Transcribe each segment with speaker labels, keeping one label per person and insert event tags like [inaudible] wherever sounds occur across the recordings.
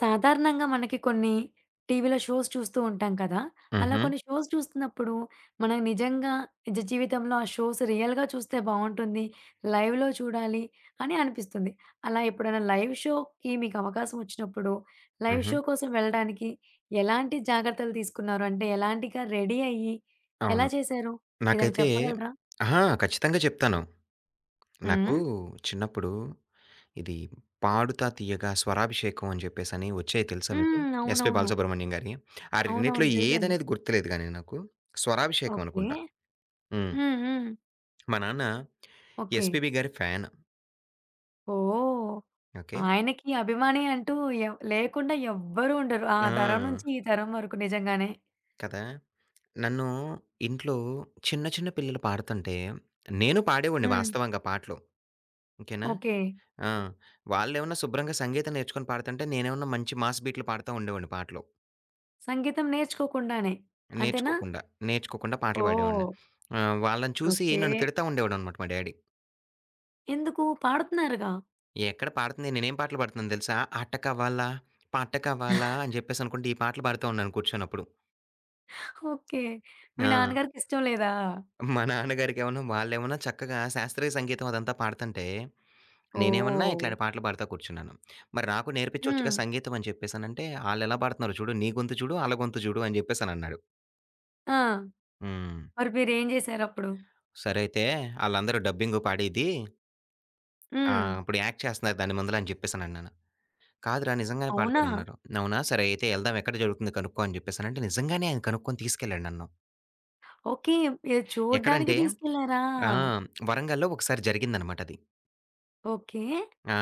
Speaker 1: సాధారణంగా మనకి కొన్ని టీవీ‌లో షోస్ చూస్తూ ఉంటాం కదా! అలా
Speaker 2: హుహు.
Speaker 1: కొన్ని షోస్ చూస్తున్నప్పుడు, మనం నిజంగా నిజ జీవితంలో ఆ షోస్ రియల్‌గా చూస్తే బావుంటుంది, లైవ్‌లో చూడాలి, అని అనిపిస్తుంది. అలా ఎప్పుడైనా లైవ్ షోకి మీకవకాశం వచ్చినప్పుడు, లైవ్
Speaker 2: హుహు.
Speaker 1: షో కోసం వెళ్ళడానికి ఎలాంటి జాగ్రత్తలు తీసుకున్నారు? అంటే ఎలాంటి గ రెడీ అయ్యి, ఎలా
Speaker 2: అవును.
Speaker 1: చేసారు? ఏదైనా
Speaker 2: నాకైతే
Speaker 1: చెప్పగలరా?
Speaker 2: ఆహా! కచ్చితంగా చెప్తాను. నాకు
Speaker 1: హ్మ్.
Speaker 2: చిన్నప్పుడు ఇది 'పాడుతా తీయగా,' 'స్వరాభిషేకం' అని చెప్పేసని వచ్చాయి తెలుసా మీకు?
Speaker 1: హ్మ్.
Speaker 2: ఎస్పి
Speaker 1: అవునవును.
Speaker 2: బాలసుబ్రహ్మణ్యం గారి‌యి. ఆ రెండి‌టీలో
Speaker 1: అవునవును. తెలుసండి.
Speaker 2: ఏదనేది గుర్తులేదు గానీ నాకు స్వరాభిషేకం
Speaker 1: ఓకే.
Speaker 2: అనుకుంటా హ్మ్.
Speaker 1: హ్మ్. హ్మ్.
Speaker 2: మా నాన్న
Speaker 1: ఓకే.
Speaker 2: ఎస్పీబీ గారి ఫ్యాను.
Speaker 1: ఓహ్!
Speaker 2: ఓకే.
Speaker 1: ఆయనకి అభిమాని అంటూ ఏవ్ లేకుండా ఎవ్వరు ఉండరు. ఆ
Speaker 2: ఆ!
Speaker 1: తరం నుంచి ఈ తరం వరకు నిజంగానే.
Speaker 2: కదా! నన్ను ఇంట్లో చిన్న, చిన్న పిల్లలు పాడుతుంటే నేను పాడేవాడిని
Speaker 1: హ్మ్.
Speaker 2: వాస్తవంగా పాటలు. ఓకే‌నా,
Speaker 1: ఓకే.
Speaker 2: ఆ! వాళ్ళేమైనా శుభ్రంగా సంగీతం నేర్చుకొని పాడుతుంటే, నేనేమన్నా మంచి మాస్ బీట్లు పాడుతా ఉండేవాడిని పాటలు.
Speaker 1: సంగీతం నేర్చుకోకుండానే, అంతేనా?
Speaker 2: నేర్చుకోకుండా, నేర్చుకోకుండా పాటలు పాడేవాడిని.
Speaker 1: ఓహ్!
Speaker 2: ఆహ్, వాళ్ళని చూసి
Speaker 1: ఓకే.
Speaker 2: నన్ను తిడతా ఉండేవాడనమాట మా డ్యాడీ.
Speaker 1: ఎందుకు? పాడుతున్నారుగా.
Speaker 2: ఎక్కడ పాడతంది, నేనేం పాటలు పాడుతున్నానో దెలుసా, అట కావాలా? పాట కావాలా? అని జెప్పేసనుకుంటా ఈ పాటలు పాడుతూ ఉన్నాను కూర్చోని అప్పుడు.
Speaker 1: ఓకే. మీ
Speaker 2: ఆ!
Speaker 1: నాన్నగారికి ఇష్టం లేదా?
Speaker 2: మా నాన్నగారికేమోను వాళ్ళేమన్నా చక్కగా శాస్త్రీయ సంగీతం అదంతా పాడతంటే, నేనేమన్నా
Speaker 1: ఓహ్!
Speaker 2: ఇట్లాంటి పాటలు పాడుతా కూర్చున్నాను. మరి నాకు నేర్పి‌చొచ్చుగా
Speaker 1: హ్మ్.
Speaker 2: సంగీతం అని జెప్పేసనంటే, ఆళ్ళెలా పాడుతున్నారో చూడు, నీ గొంతు చూడు, ఆళ్ళ గొంతు జూడు అని జెప్పేసనన్నాడు.
Speaker 1: ఆ!
Speaker 2: హ్మ్.
Speaker 1: మరి మీరేం జేశారప్పుడు?
Speaker 2: సరే అయితే, ఆళ్ళందరూ డబ్బింగు పాడేది. ఆ!
Speaker 1: హ్మ్.
Speaker 2: ఇప్పుడు యాక్ట్ చేస్తున్నారు దాని ముందుల అని జేప్పేసనన్నాను. కాదురా నిజంగానే
Speaker 1: అవునా?
Speaker 2: పాడతారన్నారు. అవునా! సరే అయితే యెళ్దాం ఎక్కడ జరుగుతుంది కనుక్కో అని జెప్పేసనంటే, నిజంగానే ఆయన కనుక్కోని తీసుకెళ్ళాడు నన్ను.
Speaker 1: ఓకే. అది చూడ్డానికి
Speaker 2: ఎక్కడంటే?
Speaker 1: దీసుకెళ్లారా.
Speaker 2: ఆ! హ్మ్. వరంగల్‌లో ఒకసారి జరిగిందనమాట అది.
Speaker 1: ఓకే.
Speaker 2: ఆ!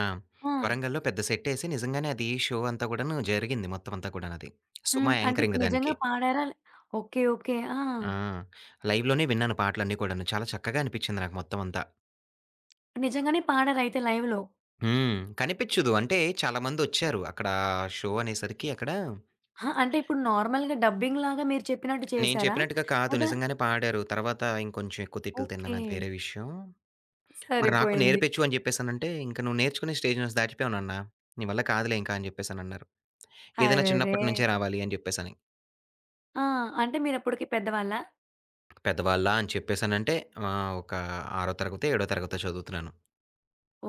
Speaker 1: ఆ!
Speaker 2: వరంగల్‌లో పెద్ద సెట్టేసి నిజంగానే అది షో అంతా గూడాను జరిగింది మొత్తం అంతా కూడానది. సుమ
Speaker 1: హ్మ్. అంటే,
Speaker 2: యాంకరింగ్
Speaker 1: ఇప్పుడు
Speaker 2: దానికి.
Speaker 1: నిజంగా పాడారా, లే ఓకే. ఓకే. ఆ!
Speaker 2: ఆ! లైవ్ లోనే విన్నాను పాటలన్నీ కూడాను. చాలా చక్కగా అనిపిచ్చింది నాకు మొత్తమంతా.
Speaker 1: నిజంగానే పాడరైతే లైవ్‌లో?
Speaker 2: హ్మ్. కనిపించదు. అంటే, చాలా మందోచ్చారు అక్కడ షో అనేసరికి అక్కడ
Speaker 1: ఆ! అంటే ఇప్పుడు నార్మల్‌గా డబ్బింగ్ లాగా మీరు చెప్పినట్టు
Speaker 2: నేను
Speaker 1: చేసారా?
Speaker 2: చెప్పినట్టుగా కాదు
Speaker 1: లేదా
Speaker 2: నిజంగానే పాడారు. తరువాత, ఇంకొంచెం ఎక్కువ తిట్లు తిన్నాను అది
Speaker 1: ఓకే.
Speaker 2: వేరే విషయం. మరి నాకు
Speaker 1: సరిపోయింది.
Speaker 2: నేర్పించు అని చెప్పేసనంటే, "ఇంక నువ్వు నేర్చుకునే స్టేజ్ నుంచి దాటిపోయావు నాన్న, నీ వల్ల కాదులే" అని చెప్పేసి అనన్నారు. ఏదైనా
Speaker 1: అరెరే!
Speaker 2: చిన్నప్పటి నుంచే రావాలి అని చెప్పేసని.
Speaker 1: ఆ! అంటే మీరప్పటికి పెద్దవాళ్ళా?
Speaker 2: పెద్దవాళ్ళా అని చెప్పేసానంటే, ఆహ్, ఒక ఆరో తరగతో, ఏడో తరగతో చదువుతున్నాను.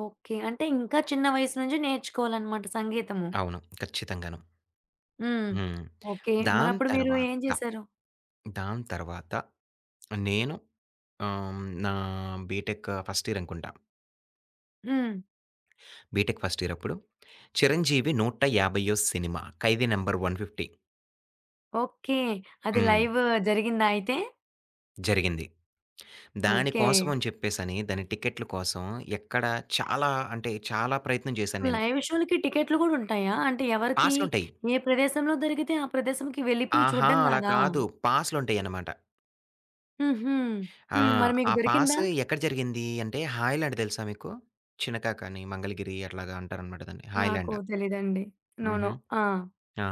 Speaker 1: ఓకే. అంటే, ఇంకా చిన్న వయసు నుంచే నేర్చుకోవాలన్నమాట సంగీతము.
Speaker 2: అవును. ఖచ్చితంగాను.
Speaker 1: హ్మ్.
Speaker 2: హ్మ్.
Speaker 1: ఓకే.
Speaker 2: దాని
Speaker 1: మరప్పుడు మీరు
Speaker 2: తరువాత
Speaker 1: ఏం చేసారు?
Speaker 2: దాని తరువాత, నేను ఆహ్, హ్మ్, నా బిటెక్ ఫస్ట్ ఇయర్ అనుకుంటా.
Speaker 1: హ్మ్.
Speaker 2: బిటెక్ ఫస్ట్ ఇయరప్పుడు, చిరంజీవి నూట యాభైయో సినిమా 'ఖైదీ నంబర్ 150.'
Speaker 1: ఓకే. అది
Speaker 2: హ్మ్.
Speaker 1: లైవు జరిగిందా! అయితే?
Speaker 2: జరిగింది. దాని
Speaker 1: ఓకే.
Speaker 2: కోసమని చెప్పేసని, దాని టికెట్‌లు కోసం ఎక్కడ చాలా అంటే, చాలా ప్రయత్నం చేశాను నేను.
Speaker 1: లైవ్ షో‌లకి టికెట్‌లు కూడా ఉంటాయా? అంటే, ఎవరికీ
Speaker 2: పాసులుంటాయి.
Speaker 1: ఏ ప్రదేశంలో దొరికితే ఆ ప్రదేశంకి వెళ్ళిపోయి
Speaker 2: ఆహా!
Speaker 1: చూడ్డం
Speaker 2: అలా
Speaker 1: గాదా?
Speaker 2: కాదు పాసులుంటాయన్నమాట.
Speaker 1: హుహు.
Speaker 2: ఆ!
Speaker 1: హ్మ్, మరి మీకు
Speaker 2: ఆ పాస్
Speaker 1: దొరికిందా?
Speaker 2: ఎక్కడ జరిగింది అంటే హైలాండ్ తెలుసా మీకు? చినకాకాని మంగళగిరి అట్లాగా అంటారనమాట
Speaker 1: నాకు
Speaker 2: హైలాండ్.
Speaker 1: తెలియదండి, నో
Speaker 2: హుహు.
Speaker 1: నో. ఆ!
Speaker 2: ఆ!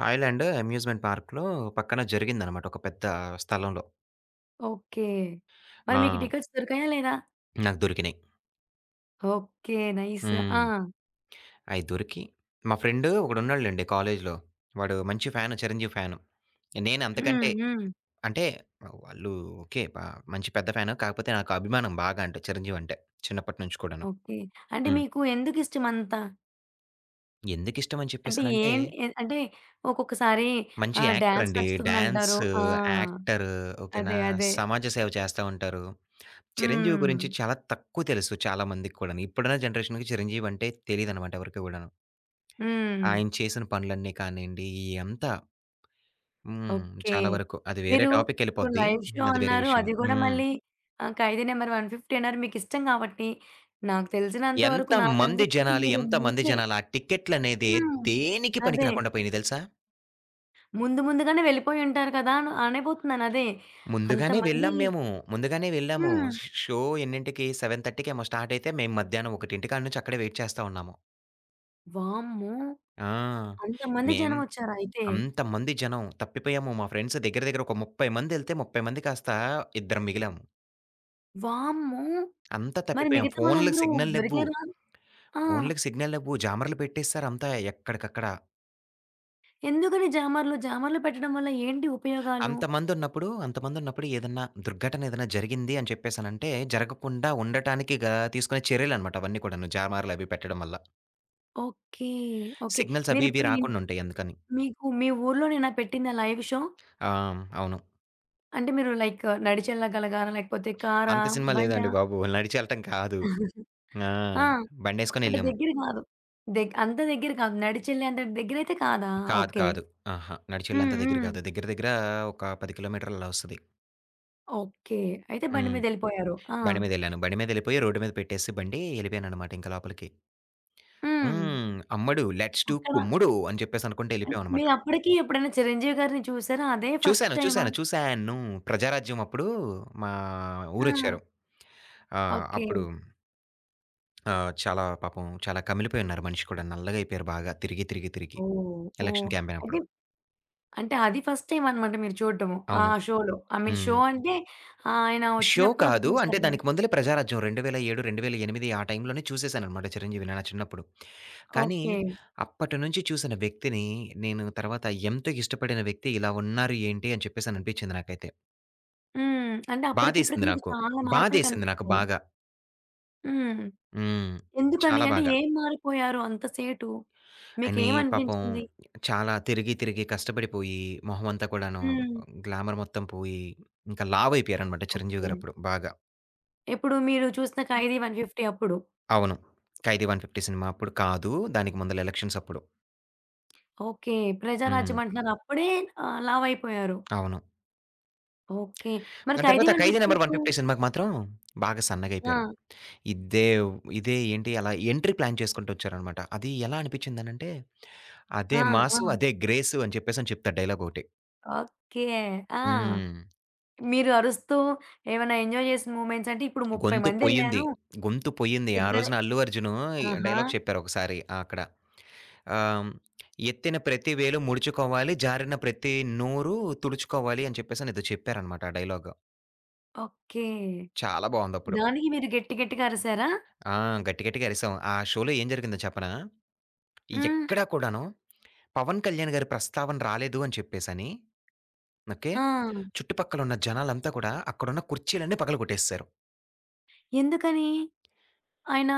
Speaker 2: హైలాండ్ అమ్యూజ్మెంట్ పార్క్‌లో పక్కన జరిగిందనమాట ఒక పెద్ద స్థలంలో.
Speaker 1: ఓకె. మరి మీకు
Speaker 2: ఆ!
Speaker 1: టికెట్స్ దొరికాయా? లేదా?
Speaker 2: నాకు దొరికినాయి.
Speaker 1: Okay nice.
Speaker 2: హ్మ్.
Speaker 1: ఆ!
Speaker 2: అయి దొరికి మా ఫ్రెండ్ ఒకడు ఉన్నాడు లెండి కాలేజ్‌లో వాడు మంచి ఫ్యాన్ 'చిరంజీవి' ఫ్యాన్. నేను
Speaker 1: హ్మ్
Speaker 2: అంతకంటే
Speaker 1: హ్మ్.
Speaker 2: అంటే వాళ్ళు ఓకె ప మంచి పెద్ద ఫ్యాన్ కాకపోతే నాకు అభిమానం బాగా అంటే 'చిరంజీవి' అంటే చిన్నప్పటి నుంచి కూడాను.
Speaker 1: ఓకె, అంటే
Speaker 2: హ్మ్.
Speaker 1: మీకు ఎందుకు ఇష్టం అంత?
Speaker 2: ఎందుకు ఇష్టం అని
Speaker 1: అంటే
Speaker 2: చెప్పేసానంటే
Speaker 1: ఏం ఏ అంటే ఒక్కొక్కసారి
Speaker 2: మంచి
Speaker 1: ఆహ్,
Speaker 2: యాక్టర్
Speaker 1: డాన్స్
Speaker 2: అండి. డాన్స్,
Speaker 1: నచ్చుతుందంటారు. ఆ!
Speaker 2: యాక్టర్ ఓకె నా?
Speaker 1: అదే అదే.
Speaker 2: సమాజ సేవ చేస్తా ఉంటారు. 'చిరంజీవి' గురించి
Speaker 1: హ్మ్.
Speaker 2: చాలా తక్కువ తెలుసు చాలా మందికి కూడాను ఇప్పుడున్న జనరేషన్‌కి 'చిరంజీవి' అంటే తెలిదన్నమాట ఎవరికి కూడాను.
Speaker 1: హ్మ్.
Speaker 2: ఆయన చేసిన పనులన్నీ కానియండి ఇయ్యి అంతా, హ్మ్.
Speaker 1: ఓకె.
Speaker 2: చాలా వరకు, అది వేరే
Speaker 1: మీరు
Speaker 2: టాపిక్‌కి
Speaker 1: ఇప్పుడు
Speaker 2: వెళ్ళిపోద్ది.
Speaker 1: లైవ్ షో
Speaker 2: అది వేరే
Speaker 1: అన్నారు.
Speaker 2: విషయం.
Speaker 1: అది కూడా
Speaker 2: హ్మ్.
Speaker 1: మళ్ళీ ఆహ్, 'ఖైదీ నంబర్ 150' అన్నారు. మీకు ఇష్టం కాబట్టి, నాకు తెలిసినంత వరకు
Speaker 2: ఎంతమంది
Speaker 1: నాకనిపించేది
Speaker 2: జనాలు,
Speaker 1: మీరు
Speaker 2: ఎంత మంది
Speaker 1: ముందే
Speaker 2: జనాలు ఆ టికెట్లనేదే
Speaker 1: హ్మ్,
Speaker 2: దేనికి పనికి
Speaker 1: అదే.
Speaker 2: రాకుండా పోయినాయి తెలుసా!
Speaker 1: ముందుగానే వెళ్ళిపోయుంటారు కదా అన అనబోతున్నాను అదే
Speaker 2: ముందుగానే
Speaker 1: అంతమంది
Speaker 2: వెళ్ళాము మేము, ముందుగానే వెళ్ళాము.
Speaker 1: హ్మ్.
Speaker 2: షో షో ఎన్నింటికి‌ సెవెన్ థర్టీ‌కేమో స్టార్టైయితే, మేము మధ్యాహ్నం ఒకటింటి కాడ నుంచి అక్కడే వైట్ చేస్తా ఉన్నాము.
Speaker 1: వామ్మో!
Speaker 2: ఆ!
Speaker 1: అంతమంది
Speaker 2: మేం
Speaker 1: జనం వచ్చారా అయితే.
Speaker 2: అంతమంది జనం. తప్పిపోయాము మా ఫ్రెండ్స్ దగ్గర, దగ్గర ఒక 30 మందెళ్తే, 30 మంది కాస్త ఇద్దరం మిగిలాము.
Speaker 1: వామ్మో!
Speaker 2: అంతా
Speaker 1: మరి
Speaker 2: తప్పిపోయాం.
Speaker 1: మిగతా
Speaker 2: ఫోనులకి
Speaker 1: వాళ్ళందరూ
Speaker 2: సిగ్నల్ లేవ్వు.
Speaker 1: దొరికారా? ఆ!
Speaker 2: ఫోనులకి సిగ్నల్ లేవ్వు. జామర్లు పెట్టేస్తారు అంత ఎక్కడికక్కడ.
Speaker 1: ఎందుకని జామర్లు, జామర్లు పెట్టడం వల్ల ఏంటి ఉపయోగాలు?
Speaker 2: అంతమందున్నప్పుడు, అంతమందున్నప్పుడు ఏదన్నా దుర్ఘటన ఏదైనా జరిగింది అని చెప్పేసి అనంటే, జరగకుండా ఉండటానికి గా తీసుకునే చర్యలన్నమాట అవన్నీ కూడాను, జామార్లు అవి పెట్టడం వల్ల.
Speaker 1: ఓకే. ఓకే.
Speaker 2: సిగ్నల్స్ అవి,
Speaker 1: మీరు
Speaker 2: ఇవి
Speaker 1: ఇప్పుడు ఇన్
Speaker 2: రాకుండుంటాయి అందుకని.
Speaker 1: మీకు మీ ఊర్లోనేనా పెట్టిందా లైవు షో?
Speaker 2: ఆ! హ్మ్. అవును.
Speaker 1: అంటే మీరు లైక్, నడిచెల్లగలిగారా, లేకపోతే కరా?
Speaker 2: అంత సినిమా
Speaker 1: బండ?
Speaker 2: లేదండి బాబు. నడిచెళ్ళటం కాదు.
Speaker 1: [chuckles]
Speaker 2: ఆ!
Speaker 1: ఆ! అంటే
Speaker 2: బండేసుకొనెళ్ళాము.
Speaker 1: దగ్గర కాదు. దగ్ అంత దగ్గర కాదు. నడిచేళ్ళే అంత దగ్గర అయితే కాదా!
Speaker 2: కాదు,
Speaker 1: ఓకే.
Speaker 2: కాదు. అహా!
Speaker 1: హ్మ్,
Speaker 2: నడిచెళ్లేంత దగ్గర
Speaker 1: హ్మ్.
Speaker 2: కాదు. దగ్గర, దగ్గర ఒక 10 కిలోమీటర్లు అలా వస్తది.
Speaker 1: ఓకే. అయితే బండి
Speaker 2: హ్మ్.
Speaker 1: మీద ఏళ్ళిపోయారు. ఆ!
Speaker 2: బండి మీదెళ్ళాను. బండి మీదెళ్ళిపోయి, రోడ్ మీద పెట్టేసి బండి, ఎళ్ళిపోయాననమాట ఇంకా లోపలికి.
Speaker 1: హ్మ్.
Speaker 2: హ్మ్. అమ్మడు లెట్స్‌డూ
Speaker 1: అక్కడ
Speaker 2: కుమ్ముడు అని చెప్పేసి అనుకుంటె
Speaker 1: అన్
Speaker 2: ళ్ళిపోయామన్నమాట.
Speaker 1: మీరు అప్పటికి, ఎప్పుడైనా చిరంజీవి గారిని చూసారా? అదే ఫస్ట్
Speaker 2: చూసాను,
Speaker 1: టైమా?
Speaker 2: చూసాను, చూసాను ప్రజారాజ్యమప్పుడు మా
Speaker 1: ఆ!
Speaker 2: ఊరొచ్చారు. ఆహ్,
Speaker 1: ఓకే.
Speaker 2: అప్పుడు ఆ! చాలా పాపం, చాలా కమిలిపోయున్నారు మనిషి కూడా. నల్లగా అయిపోయారు బాగా తిరిగి, తిరిగి, తిరిగి.
Speaker 1: ఓహ్! ఓహ్!
Speaker 2: ఎలక్షన్
Speaker 1: అయితే
Speaker 2: క్యాంపెయినప్పుడు.
Speaker 1: అంటే అది ఫస్ట్ టైమ్ అన్నమాట మీరు చూడటము. ఆ
Speaker 2: అవును.
Speaker 1: షోలో, ఐ మీన్ షో
Speaker 2: హ్మ్.
Speaker 1: అంటే, ఆయన
Speaker 2: షో
Speaker 1: వచ్చినప్పుడు అది
Speaker 2: కాదు. అంటే, దానికి
Speaker 1: చూసారన్నమాట.
Speaker 2: ముందలే ప్రజారాజ్యం 2007, 2008 ఆ టైంలోనే చూసేసానన్నమాట, చిరంజీవి నా చిన్నప్పుడు. కానీ,
Speaker 1: ఓకే.
Speaker 2: అప్పటినుంచి చూసిన వ్యక్తిని, నేను తర్వాత ఎంత ఇష్టపడిన వ్యక్తి ఇలా ఉన్నారు ఏంటి, అని చెప్పేసి అని అనిపించింది నాకైతే.
Speaker 1: హ్మ్, అంటే అప్పటికి, ఇప్పటికి
Speaker 2: బాధేసింది
Speaker 1: మీకు
Speaker 2: నాకు.
Speaker 1: చాలా మార్పులు
Speaker 2: బాధేసింది నాకు
Speaker 1: కనిపిచ్చాయి.
Speaker 2: బాగా.
Speaker 1: హ్మ్.
Speaker 2: హ్మ్.
Speaker 1: ఎందుకని
Speaker 2: చాలా
Speaker 1: అంటే
Speaker 2: బాగా.
Speaker 1: ఏం మారిపోయారు అంత సేటు?
Speaker 2: అని పాపం
Speaker 1: మీకేమనిపించింది?
Speaker 2: చాలా తిరిగి, తిరిగి కష్టపడిపోయి, మొహం అంతా కూడాను
Speaker 1: హ్మ్.
Speaker 2: గ్లామర్ మొత్తం పోయి, ఇంక లావయిపోయారు అన్నమాట చిరంజీవి
Speaker 1: ఓకె.
Speaker 2: గారప్పుడు బాగా.
Speaker 1: ఎప్పుడు మీరు చూసిన 'ఖైదీ 150' అప్పుడు.
Speaker 2: అవును. 'ఖైదీ 150' సినిమా అప్పుడు కాదు, దానికి ముందల ఎలక్షన్సప్పుడు.
Speaker 1: ఓకె,
Speaker 2: హ్మ్.
Speaker 1: ప్రజారాజ్యం అంటున్నారు. అప్పుడే ఆహ్, లావయిపోయారు.
Speaker 2: అవును.
Speaker 1: ఓకె. మరి
Speaker 2: దాని
Speaker 1: 'ఖైదీ
Speaker 2: తర్వాత 'ఖైది
Speaker 1: 150'
Speaker 2: నంబర్
Speaker 1: అప్పుడు
Speaker 2: 150' సినిమాకి మాత్రం, బాగా సన్నగయిపోయారు
Speaker 1: ఆ!
Speaker 2: ఇదే వ్ ఇదే ఏంటి అలా ఎంట్రీ ప్లాన్ చేసుకుంటూ ఒచ్చారు అనమాట అది ఎలా అనిపిచ్చిందనంటే,
Speaker 1: ఆ!
Speaker 2: అదే మాసు,
Speaker 1: ఆ!
Speaker 2: అదే గ్రేసు అని చెప్పేసని చెప్తారు డైలాగొకటి.
Speaker 1: ఓకె. ఆ!
Speaker 2: హ్మ్.
Speaker 1: మీరు అరుస్తూ ఏమన్నా ఎంజాయ్ జేసిన మూమెంట్స్ అంటే ఇప్పుడు 30
Speaker 2: గొంతు
Speaker 1: మంది
Speaker 2: పోయింది.
Speaker 1: ఎళ్ళారూ,
Speaker 2: గొంతు పోయింది. ఆ
Speaker 1: ఇద్దరే
Speaker 2: రోజున అల్లు అర్జును
Speaker 1: ఆహా!
Speaker 2: డైలాగ్ చెప్పారు ఒకసారి అక్కడ. ఆహ్, హ్మ్. ఎత్తిన ప్రతి వేలు ముడుచుకోవాలి, జారిన ప్రతి నోరు తుడుచుకోవాలి అని చెప్పేసి ఎదో చెప్పారు అనమాట ఆ డైలాగు.
Speaker 1: ఓకే.
Speaker 2: చాలా బావుందప్పుడు.
Speaker 1: దానికి మీరు గట్టి గట్టిగా అరిసారా?
Speaker 2: ఆ! గట్టి గట్టిగా అరిసాం. ఆ షోలో ఏం జరిగిందో చెప్పనా?
Speaker 1: హ్మ్.
Speaker 2: ఎక్కడ కూడాను పవన్ కళ్యాణ్ గారి ప్రస్తావన రాలేదు అని చెప్పేసని, ఓకే.
Speaker 1: ఆ!
Speaker 2: చుట్టుపక్కలున్న జనాలంతా కూడా అక్కడున్న కుర్చీలన్నీ పగలగొట్టేసారు.
Speaker 1: ఎందుకని? ఆయన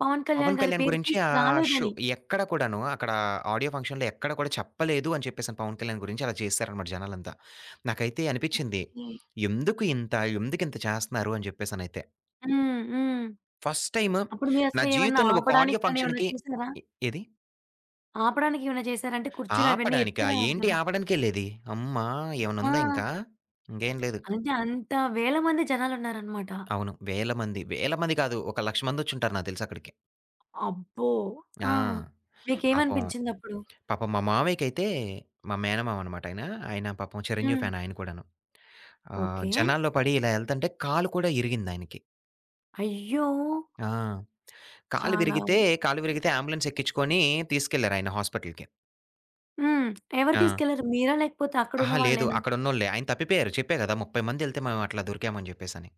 Speaker 1: పవన్
Speaker 2: పవన్
Speaker 1: కళ్యాణ్ గారి
Speaker 2: కళ్యాణ్
Speaker 1: పేరు
Speaker 2: గురించి
Speaker 1: తీసుకు
Speaker 2: ఆ షో
Speaker 1: రాలేదని?
Speaker 2: ఎక్కడ కూడాను అక్కడ ఆడియో ఫంక్షన్‌లో ఎక్కడ కూడా చెప్పలేదు అని చెప్పేసి, పవన్ కళ్యాణ్ గురించి అలా చేసారన్నమాట జనాలంతా. నాకైతే అనిపిచ్చింది
Speaker 1: ఓకే.
Speaker 2: ఎందుకు ఇంత, ఎందుకింత చేస్తన్నారు అని చెప్పేసనైతే.
Speaker 1: హ్మ్. హ్మ్.
Speaker 2: ఫస్ట్ టైము
Speaker 1: అప్పుడు
Speaker 2: నా
Speaker 1: మీరసలేమన్నా
Speaker 2: జీవితంలో ఒక ఆడియో
Speaker 1: ఆపడానికి కానీ ఏమన్నా
Speaker 2: ఫంక్షన్‌కి
Speaker 1: చూసారా?
Speaker 2: ఎ ఏది?
Speaker 1: ఆపడానికేమైనా చేసారా? అంటే కుర్చీలవన్నీ ఎత్తి
Speaker 2: ఆపడానికా?
Speaker 1: రావాలి
Speaker 2: ఏంటి
Speaker 1: కదా!
Speaker 2: ఆపడానికెళ్ళేది అమ్మ! ఏమైన్నా ఉందా
Speaker 1: ఆ!
Speaker 2: ఇంకా! ఇంకేం లేదు.
Speaker 1: అంటే అంత వేల మంది జనాలున్నారన్నమాట!
Speaker 2: అవును వేల మంది, వేల మంది కాదు ఒక లక్ష మందొచ్చుంటారు నాకు తెలుసక్కడికి.
Speaker 1: అబ్బో!
Speaker 2: ఆ!
Speaker 1: ఆ!
Speaker 2: పాపం,
Speaker 1: మీకేమనిపించిందప్పుడు?
Speaker 2: పాపం మా మామయ్యకైతే మా మేనమామన్నమాట ఆయన. ఆయన పాపం చిరంజీవి
Speaker 1: హ్మ్.
Speaker 2: ఫ్యాన్ ఆయన కూడాను. ఆహ్,
Speaker 1: ఓకే.
Speaker 2: జనాల్లో పడి ఇలా ఎళ్తుంటే కాలు కూడా ఇరిగిందాయనకి.
Speaker 1: అయ్యో!
Speaker 2: ఆ! కాలు
Speaker 1: చాలా.
Speaker 2: విరిగితే కాలు విరిగితే ఆంబులెన్స్ ఎక్కించుకొని తీసుకెళ్లారు ఆయనా హాస్పిటల్‌కి.
Speaker 1: హ్మ్. ఎవరు
Speaker 2: ఆ!
Speaker 1: తీసుకెళ్లారు మీరా? లేకపోతే అక్కడున్న
Speaker 2: అహా! లేదు
Speaker 1: వాళ్ళేనా?
Speaker 2: అక్కడున్నోల్లే. ఆయన తప్పిపోయారు. చెప్పా కదా! 30 మందేళ్తే మేము అట్లా దొరికాం అని చెప్పేసని.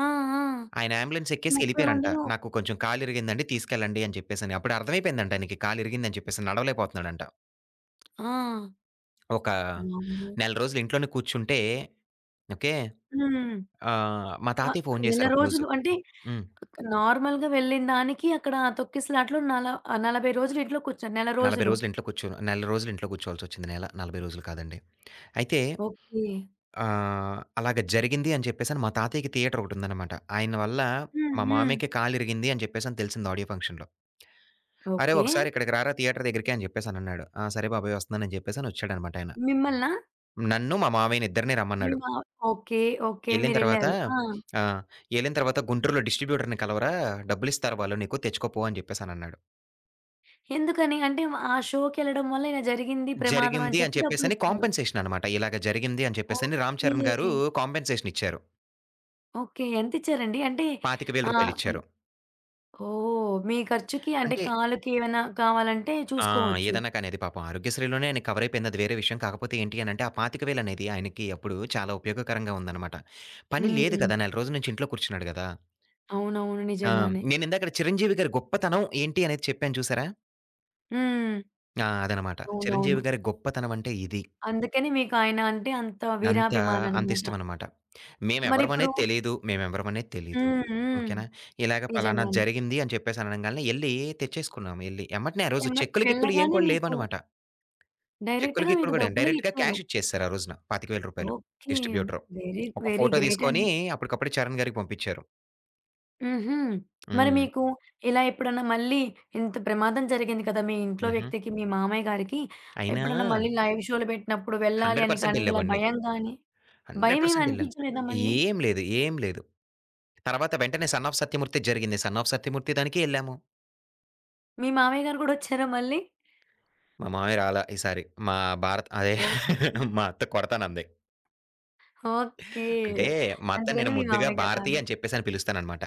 Speaker 1: ఆ! ఆ!
Speaker 2: ఆయన ఆంబులెన్సెక్కేసి
Speaker 1: 30
Speaker 2: ఏళ్ళిపోయారంట.
Speaker 1: మందిలో
Speaker 2: నాకు కొంచెం కాలు ఇరిగిందండి తీసుకెళ్ళండి అని చెప్పేసని. అప్పుడు అర్థమైపోయిందంట ఆయనకి కాలు ఇరిగిందని చెప్పేసి నడవలేకపోతున్నాడంట.
Speaker 1: ఆ!
Speaker 2: ఒక
Speaker 1: వామ్మో!
Speaker 2: నెల రోజులు ఇంట్లోనే కూర్చుంటే ఓకే!
Speaker 1: హ్మ్.
Speaker 2: ఆహ్, మా
Speaker 1: వ
Speaker 2: తాతయ్య ఫోను
Speaker 1: నెల
Speaker 2: చేసారు ఒకరోజు
Speaker 1: రోజులు అంటే,
Speaker 2: హ్మ్.
Speaker 1: అకా నార్మల్‌గా వెళ్ళినదానికి, అక్కడ తొక్కిసలాటలో నలా ఆ! 40 రోజులు ఇంట్లో కూర్చొని నెల
Speaker 2: 40
Speaker 1: రోజులు.
Speaker 2: రోజులు ఇంట్లో కూర్చొనా నెల రోజులు ఇంట్లో కూర్చోవాల్సొచ్చింది. నెల. 40 రోజులు కాదండి. అయితే
Speaker 1: ఓకే.
Speaker 2: ఆహ్, అలాగా జరిగింది అని చెప్పేసి మా తాతయ్యకి థియేటరోకటుందనమాట. ఆయన వల్ల
Speaker 1: హ్మ్.
Speaker 2: మా
Speaker 1: హ్మ్.
Speaker 2: మామయ్యకి కాలిరిగింది అని చెప్పేసని తెలిసింది ఆడియో ఫంక్షన్‌లో. "అరేయ్
Speaker 1: ఓకే.
Speaker 2: ఒకసారి ఇక్కడికి రారా థియేటర్ దగ్గరికి," అని చెప్పేసి అనన్నాడు. ఆ! సరే బాబోయ్, వస్తున్నానని చెప్పేసని వచ్చాడనమాట ఆయన.
Speaker 1: మిమ్మలనా?
Speaker 2: నన్ను, మా మామయ్యనిద్దరిని
Speaker 1: మీ
Speaker 2: రమ్మన్నాడు.
Speaker 1: మా ఓకే. ఓకే.
Speaker 2: ఏళ్ళిన తరువాత
Speaker 1: మీరేళ్లారు. ఆ!
Speaker 2: ఆ! ఏళ్ళిన తరువాత, "గుంటూరులో డిస్ట్రిబ్యూటర్‌ని కలవరా, డబ్బులిస్తారు వాళ్ళు నీకు, తెచ్చుకోపో" అని చెప్పేసనన్నాడు.
Speaker 1: ఎందుకని? అంటే, ఆ షోకెళ్ళడం వల్ల ఇలా జరిగింది ప్రమాదం అని
Speaker 2: జరిగింది అని
Speaker 1: చెప్పి
Speaker 2: చెప్పేసని
Speaker 1: డబ్బులిస్తారు.
Speaker 2: కాంపెన్సేషన్ అన్నమాట. ఇలాగ జరిగింది అని చెప్పేసని రామ్
Speaker 1: ఓకే.
Speaker 2: చరణ్ గారు కాంపెన్సేషన్ ఇచ్చారు.
Speaker 1: ఓకే. ఎంత ఇచ్చారండి? అంటే,
Speaker 2: పాతిక వేల
Speaker 1: ఆ!
Speaker 2: రూపాయలు ఇచ్చారు.
Speaker 1: ఓహ్! మీ ఖర్చుకి. అంటే,
Speaker 2: అంటే
Speaker 1: కాలుకి ఏమైనా కావాలంటే
Speaker 2: ఆ!
Speaker 1: చూసుకోవచ్చు.
Speaker 2: ఏదన్నా కానీ అది పాపం ఆరోగ్యశ్రీలోనే అయన్నీ కవరయిపోయింది అది వేరే విషయం. కాకపోతే ఏంటి అనంటే ఆ 25,000 అనేది ఆయనకి అప్పుడు చాలా ఉపయోగకరంగా ఉందనమాట. పని లేదు
Speaker 1: హ్మ్.
Speaker 2: కదా! నెల రోజుల నుంచి ఇంట్లో కూర్చున్నాడు కదా!
Speaker 1: అవునవును.
Speaker 2: ఆ!
Speaker 1: నిజంగానే.
Speaker 2: నేను ఇందాకట చిరంజీవి గారి గొప్పతనం ఏంటి అనేది చెప్పాను చూశారా?
Speaker 1: హ్మ్.
Speaker 2: ఆ! అదనమాట. చిరంజీవి
Speaker 1: అవునవును.
Speaker 2: గారి గొప్పతనమంటే ఇది.
Speaker 1: అందుకని మీకు ఆయన అంటే అంత
Speaker 2: అంత అంత
Speaker 1: వీరాభిమాననమాట.
Speaker 2: ఇష్టమనమాట. మేమెవ్వరం
Speaker 1: మరిప్పుడు
Speaker 2: అనేది తెలిదు, మేమెవ్వరం అనేది తెలిదు
Speaker 1: హ్మ్. హ్మ్.
Speaker 2: ఓకే నా. ఇలాగ పలానా
Speaker 1: నిజంగానే.
Speaker 2: జరిగింది అని చెప్పేసి అనంగాల్నే ఎళ్లి తెచ్చేసుకున్నాం ఎళ్లి ఎమ్మటనే ఆ రోజు
Speaker 1: ఎమ్మటనే
Speaker 2: చెక్కులు, గిక్కులు ఏం
Speaker 1: వెళ్ళగానే
Speaker 2: కూడా
Speaker 1: మీకు
Speaker 2: లేవనమాట. చెక్కులు
Speaker 1: డైరెక్ట్‌గా
Speaker 2: గిక్కులు
Speaker 1: మీకు
Speaker 2: గూడేను,
Speaker 1: డబ్బులే
Speaker 2: డైరెక్ట్‌గా
Speaker 1: ఇచ్చారు.
Speaker 2: క్యాష్ ఇచ్చేశారు ఆ రోజున రూ. 25,000
Speaker 1: ఓకే
Speaker 2: డిస్ట్రిబ్యూటర్,
Speaker 1: వెరి
Speaker 2: ఒక
Speaker 1: వెరీ
Speaker 2: ఫోటో
Speaker 1: గ్రేట్
Speaker 2: తీసుకొని
Speaker 1: అండి.
Speaker 2: అప్పడికప్పుడే చరణ్ గారికి పంపించారు.
Speaker 1: హుహు. మరి
Speaker 2: హ్మ్.
Speaker 1: మీకు ఇలా ఎప్పుడన్నా మళ్ళీ ఇంత ప్రమాదం జరిగింది కదా! మీ ఇంట్లో
Speaker 2: హుహు.
Speaker 1: వ్యక్తికి మీ మామయ్య గారికి.
Speaker 2: అయినా
Speaker 1: ఎప్పుడన్నా మళ్ళీ లైవ్ షోలు బెట్టినప్పుడు వెళ్ళాలి
Speaker 2: హండ్రెడ్
Speaker 1: అని
Speaker 2: పర్సెంట్
Speaker 1: కానీ, ఇలా
Speaker 2: ఎళ్ళేవాడిని.
Speaker 1: భయం గానీ,
Speaker 2: 100% ఎళ్ళాను.
Speaker 1: భయమేమనిపించలేదా మళ్ళీ?
Speaker 2: ఏం లేదు. ఏం లేదు. తర్వాత వెంటనే 'సన్ ఆఫ్ సత్యమూర్తి' జరిగింది. 'సన్ ఆఫ్ సత్యమూర్తి' దానికి ఎళ్ళాము.
Speaker 1: మీ మామయ్య గారు గూడా ఒచ్చారా మళ్ళీ?
Speaker 2: మా మామయ్య రాలా ఈసారి. మా భారత్ అదే
Speaker 1: ఓకే.
Speaker 2: [chuckles] మా అత్త కొడతానంది.
Speaker 1: ఓకే.
Speaker 2: అంటే మా అత్తని
Speaker 1: అందుకని
Speaker 2: నేను
Speaker 1: మీ
Speaker 2: ముద్దుగా
Speaker 1: మామయ్యగారు
Speaker 2: భారతి
Speaker 1: రాన్
Speaker 2: అని చెప్పేసని పిలుస్తాను అనమాట.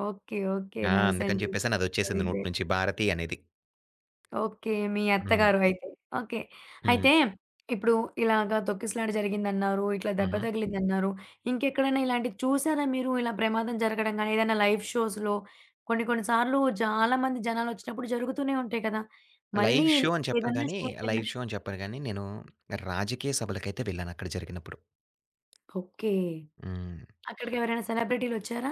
Speaker 1: ఓకే. ఓకే.
Speaker 2: ఆ! అందుకని
Speaker 1: నైసండి.
Speaker 2: చెప్పేసి
Speaker 1: వెరీ
Speaker 2: అదొచ్చేసింది నోటి
Speaker 1: గ్రేట్.
Speaker 2: నుంచి భారతి అనేది.
Speaker 1: ఓకే. మీ
Speaker 2: హ్మ్.
Speaker 1: అత్తగారు అయితే. ఓకే. అయితే
Speaker 2: హ్మ్.
Speaker 1: ఇప్పుడు ఇలాగ తొక్కిసలాట జరిగిందన్నారు, ఇట్లా దెబ్బ
Speaker 2: హుహు.
Speaker 1: తగిలిందన్నారు. ఇంకెక్కడైనా ఇలాంటివి చూసారా మీరు ఇలా ప్రమాదం జరగడం గాని ఏదైనా లైవ్ షోస్‌లో కొన్ని కొన్ని సార్లు చాలా మంది జనాలొచ్చినప్పుడు జరుగుతూనే ఉంటాయి కదా! మళ్ళీ
Speaker 2: లైవ్
Speaker 1: ఇల్
Speaker 2: షో అని చెప్పను
Speaker 1: ఏదన్నా
Speaker 2: గాని, లైవ్
Speaker 1: షోకెళ్లినప్
Speaker 2: షో అని చెప్పను గాని, నేను రాజకీయ సభలకయితే వెళ్ళానక్కడ జరిగినప్పుడు.
Speaker 1: ఓకే.
Speaker 2: హ్మ్.
Speaker 1: అక్కడికెవరైనా సెలబ్రిటీలోచ్చారా?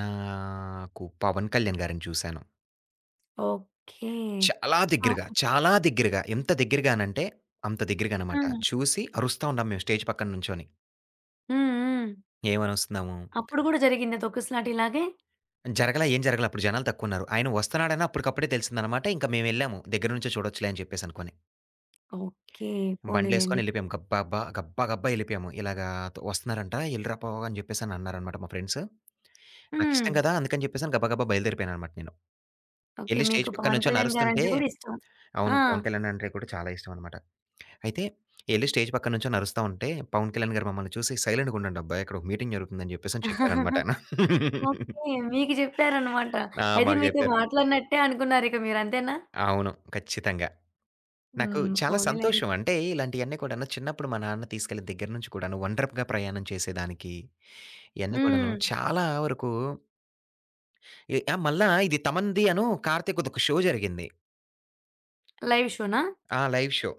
Speaker 2: నాకు పవన్ కళ్యాణ్ గారిని చూసాను.
Speaker 1: ఓకే.
Speaker 2: చాలా
Speaker 1: ఆహ్,
Speaker 2: దెగ్గరగా,
Speaker 1: ఇంకా
Speaker 2: చాలా దెగ్గరగా ఎంత దెగ్గరగానంటే, అంత దెగ్గరగా అనమాట.
Speaker 1: హ్మ్.
Speaker 2: చూసి అరుస్తా ఉంటాం మేము స్టేజ్ పక్కన నుంచొని.
Speaker 1: హ్మ్. హ్మ్.
Speaker 2: ఏమనొస్తున్నాము?
Speaker 1: అప్పుడు గూడా జరిగిందా తొక్కిసలాట ఇలాగే?
Speaker 2: జరగలా, ఏం జరగలా అప్పుడు జనాలు తక్కువున్నారు. ఆయన వస్తన్నాడని అప్పడుకప్పుడే తెలిసిందనమాట. ఇంకా మేమెళ్ళాము దెగ్గర నుంచే చూడొచ్చులే అని చెప్పేసనుకోని.
Speaker 1: ఓకే. పోనీలెండి.
Speaker 2: బండ్లులేసుకొని ఎళ్ళిపోయాము. గబ్బా బ్బా గబ్బా గబ్బా ఎళ్ళిపోయాము. "ఇలాగ, వస్తున్నారంట ఎళ్ళిరా పో" అని జెప్పేసనన్నారన్నమాట మా ఫ్రెండ్సు. నాకిష్టం
Speaker 1: హ్మ్.
Speaker 2: కదా! అందుకని చెప్పేసి గబా గబా బయలుదేరిపోయానన్నమాట నేను.
Speaker 1: ఓకే.
Speaker 2: ఎళ్లి
Speaker 1: మీకు
Speaker 2: స్టేజ్ పక్కన
Speaker 1: పవన్
Speaker 2: నుంచొని
Speaker 1: కళ్యాణ్
Speaker 2: అరుస్తుంటే
Speaker 1: గారంటే కూడా ఇష్టం.
Speaker 2: అవును.
Speaker 1: ఆ!
Speaker 2: 'పవన్ కళ్యాణ్' అంటే కూడా చాలా ఇష్టవన్నమాట. అయితే ఎళ్లి స్టేజ్ పక్కన నుంచొని అరుస్తా ఉంటే పవన్ కళ్యాణ్ గారు మమ్మల్ని చూసి, "సైలెంట్‌గా ఉండండి అబ్బాయి ఇక్కడొక మీటింగ్ జరుగుతుంది." అని జెప్పేసి చెప్పారన్నమాట
Speaker 1: [chuckles]
Speaker 2: ఆయన. [chuckles]
Speaker 1: ఓకే. మీకు జెప్పారన్నమాట.
Speaker 2: ఆ!
Speaker 1: అయితే
Speaker 2: మాకు
Speaker 1: మీతో
Speaker 2: జెప్పారు.
Speaker 1: మాట్లాడినట్టే అనుకున్నారిక మీరు అంతేనా?
Speaker 2: అవును. ఖచ్చితంగా. నాకు
Speaker 1: హ్మ్.
Speaker 2: చాలా
Speaker 1: పోనీలే.
Speaker 2: సంతోషం. అంటే, ఇలాంటియన్ని కూడాను చిన్నప్పుడు మా నాన్న తీసుకెళ్ళి దగ్గర నుంచి కూడాను ఒంటరి ప్ గా ప్రయాణం చేసేదానికి, ఇయన్ని కూడాను
Speaker 1: హ్మ్.
Speaker 2: చాలా వరకు ఎ మళ్ళా ఇది తమన్‌ది అను కార్తీక్‌ది ఒక షో జరిగింది.
Speaker 1: లైవ్ షోనా?
Speaker 2: ఆ! లైవ్ షో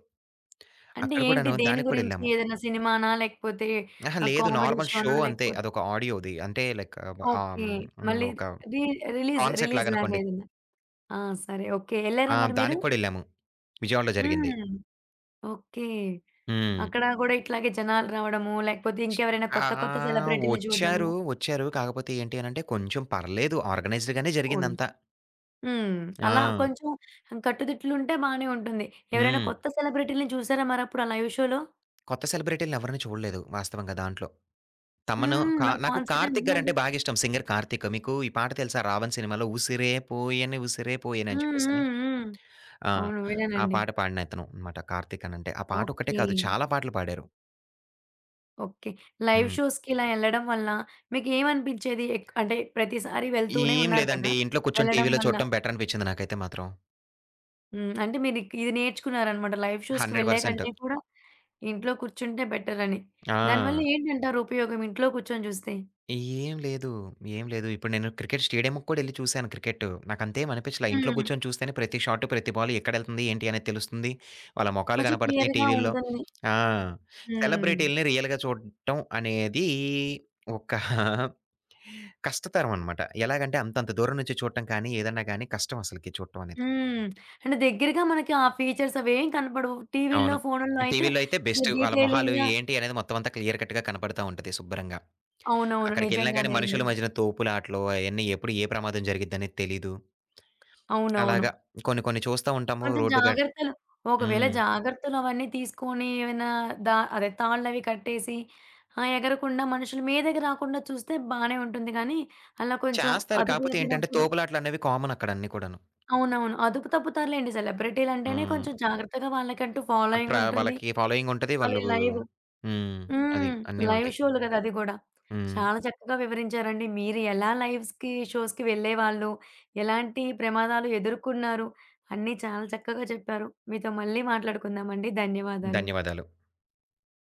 Speaker 1: అంటే
Speaker 2: అక్కడ
Speaker 1: ఏంటి?
Speaker 2: కూడాను,
Speaker 1: దేని
Speaker 2: దానికి
Speaker 1: గురించి
Speaker 2: కూడెళ్ళాము.
Speaker 1: ఏదైనా సినిమానా? లేకపోతే,
Speaker 2: ఆహా!
Speaker 1: ఆ
Speaker 2: లేదు.
Speaker 1: కామెడీ
Speaker 2: నార్మల్ షో
Speaker 1: షోనా?
Speaker 2: అంతే.
Speaker 1: లేకపోతే
Speaker 2: అదొక ఆడియోది. అంటే లైక్ ఆహ్,
Speaker 1: ఓకే.
Speaker 2: హ్మ్.
Speaker 1: మళ్ళీ
Speaker 2: ఒక
Speaker 1: రి రిలీజ్,
Speaker 2: కాన్సెర్ట్‌లాగా
Speaker 1: రిలీజ్‌లాగా
Speaker 2: అనుకోండి.
Speaker 1: ఏదన్నా ఆ! సరే, ఓకే. ఎళ్ళారా
Speaker 2: ఆ!
Speaker 1: మరి మీరు?
Speaker 2: దానికి కూడా ఎళ్ళాము. విజయవాడలో జరిగింది.
Speaker 1: హ్మ్. ఓకే.
Speaker 2: హ్మ్.
Speaker 1: అక్కడ కూడా ఇట్లాగే జనాలు రావడము, లేకపోతే ఇంకెవరైనా కొత్త కొత్త
Speaker 2: ఆహ్,
Speaker 1: సెలబ్రిటీలని చూడడము
Speaker 2: ఒచ్చారు, ఒచ్చారు. కాకపోతే ఏంటి అనంటే, కొంచెం పర్లేదు ఆర్గనైజ్డ్‌‌గానే జరిగిందంతా.
Speaker 1: [unintelligible] హ్మ్. అలా
Speaker 2: ఆ!
Speaker 1: కొంచెం కట్టుదిట్లు ఉంటే బానే ఉంటుంది. ఎవరైనా
Speaker 2: హ్మ్.
Speaker 1: కొత్త సెలబ్రిటీలని చూసారా? మరప్పుడు ఆ లైవ్ షోలో?
Speaker 2: కొత్త సెలబ్రిటీలని ఎవరిని చూడలేదు వాస్తవంగా దాంట్లో. తమను
Speaker 1: హ్మ్.
Speaker 2: కా
Speaker 1: మరి
Speaker 2: నాకు
Speaker 1: కాన్సెర్ట్
Speaker 2: కార్తీక్
Speaker 1: అంటున్నాడు.
Speaker 2: గారంటే బాగిష్టం. సింగర్ కార్తీక్. మీకు ఈ పాట తెలుసా 'రావణ్' సినిమాలో 'ఉసిరే పోయను ఉసిరే పోయను' అని
Speaker 1: హ్మ్.
Speaker 2: చెప్పేసని
Speaker 1: హ్మ్. హ్మ్.
Speaker 2: ఆ!
Speaker 1: అవును.
Speaker 2: ఆ
Speaker 1: విన్నానండి.
Speaker 2: పాట పాడిన అతను అన్నమాట. కార్తీక్ అనంటే. ఆ పాటొక్కటే
Speaker 1: ఓకే.
Speaker 2: కాదు చాలా పాటలు పాడారు.
Speaker 1: ఓకే. లైవ్
Speaker 2: హ్మ్.
Speaker 1: షోస్‌కిలా ఎళ్ళడం వలన మీకేమనిపిచ్చేది? ఏక్ అంటే, ప్రతిసారి వెళ్తూనే
Speaker 2: ఏం
Speaker 1: ఉన్నారు కదా!
Speaker 2: లేదండి. ఇంట్లో కూర్చొని
Speaker 1: వెళ్ళడం
Speaker 2: టీవీ‌లో
Speaker 1: వల్ల
Speaker 2: చూడటం బెటరనిపిచ్చింది నాకైతే మాత్రం.
Speaker 1: హ్మ్. అంటే మీరు ఇక్ ఇది నేర్చుకున్నారన్నమాట లైవ్ షోస్‌కి
Speaker 2: 100%
Speaker 1: వెళ్ళేకంటే కూడా, ఇంట్లో కూర్చుంటే బెటరని. దాని వల్ల
Speaker 2: ఆ!
Speaker 1: ఏంటంటారు ఉపయోగం ఇంట్లో కూర్చొని జూస్తే?
Speaker 2: ఏం లేదు. ఏం లేదు. ఇప్పుడు నేను క్రికెట్ స్టేడియంకు కూడా ఏళ్లి చూసాను క్రికెట్, నాకంతేమి అనిపిచ్చలా ఇంట్లో
Speaker 1: హ్మ్.
Speaker 2: కూర్చొని చూస్తేనే ప్రతి షాట్ ప్రతి బాల్ ఎక్కడెళ్తుంది ఏంటి అనేది తెలుస్తుంది, వాళ్ళ మొఖాలు
Speaker 1: కొంచెం
Speaker 2: కనబడుతున్నాయి
Speaker 1: క్లియర్‌గా
Speaker 2: టీవీ‌లో.
Speaker 1: ఉంటుంది.
Speaker 2: ఆ!
Speaker 1: హ్మ్.
Speaker 2: సెలబ్రిటీలని రియల్‌గా చూడటం అనేది ఒకా [giggles] కష్టతరమనమాట, ఎలాగంటే అంతంత దూరం నుంచి చూడటం కానీ ఏదైనా కానీ కష్టం అసలకి చూటం అనేది.
Speaker 1: హ్మ్. అంటే దెగ్గరగా మనకి ఆ ఫీచర్స్ అవేం కనపడవు టీవీ‌ల్లో,
Speaker 2: అవును.
Speaker 1: ఫోనులో అయితే
Speaker 2: టీవీ‌లో అయితే బెస్ట్, వాళ్ళ మొహాలు
Speaker 1: డీటెయిలింగ్‌గా
Speaker 2: ఏంటి? అనేది మొత్తం అంతా క్లియర్ కట్‌గా కనపడతా ఉంటది శుబ్బ‌రంగా.
Speaker 1: అవునవును.
Speaker 2: అక్కడికెళ్ళినా గాని,
Speaker 1: నిజంగానే అండి.
Speaker 2: మనుషుల మధ్యన తోపులాటలు అయన్నీ ఎప్పుడు ఏ ప్రమాదం జరిగిద్దని తెలీదు. అలాగ.
Speaker 1: అవునవును.
Speaker 2: కొన్ని, కొన్ని చూస్తా ఉంటాము
Speaker 1: కొంచెం
Speaker 2: రోడ్ గ
Speaker 1: జాగ్రత్తలు ఒకవేళ
Speaker 2: హ్మ్.
Speaker 1: జాగ్రత్తలు అవన్నీ తీసుకొని ఏమన్నా దా అదే తాళ్లవి కట్టేసి, ఆ! ఎగరకుండా మనుషుల మీదకి రాకుండా చూస్తే బానే ఉంటుంది గానీ, అలా కొంచెం
Speaker 2: చేస్తారు.
Speaker 1: అదుపు
Speaker 2: కాపోతే ఏంటంటే
Speaker 1: తప్పినప్పుడు
Speaker 2: తోపులాటలనేవి కామనక్కడ అన్ని కూడాను.
Speaker 1: అవునవును. అదుపు తప్పుతారులెండి. సెలబ్రిటీ‌లంటేనే కొంచెం
Speaker 2: హ్మ్.
Speaker 1: జాగ్రత్తగా వాళ్ళకంటూ
Speaker 2: అక్కడ
Speaker 1: ఫాలోయింగుంటుంది.
Speaker 2: వాళ్ళకి ఫాలోయింగుంటది.
Speaker 1: మళ్ళీ
Speaker 2: వాళ్ళు
Speaker 1: లైవ్
Speaker 2: హ్మ్. అది
Speaker 1: హ్మ్.
Speaker 2: అన్నీ
Speaker 1: లైవ్
Speaker 2: ఉంటాయి.
Speaker 1: షో‌లు గదా! అది గూడా.
Speaker 2: హ్మ్.
Speaker 1: చాలా చక్కగా వివరించారండి. మీరు ఎలా లైవ్‌స్‌కి, షోస్‌కి వెళ్ళేవాళ్ళు, ఎలాంటి ప్రమాదాలు ఎదుర్కున్నారు? అన్ని చాలా చక్కగా చెప్పారు. మీతో మళ్ళీ మాట్లాడుకుందాం అండి. ధన్యవాదాలు.
Speaker 2: ధన్యవాదాలు.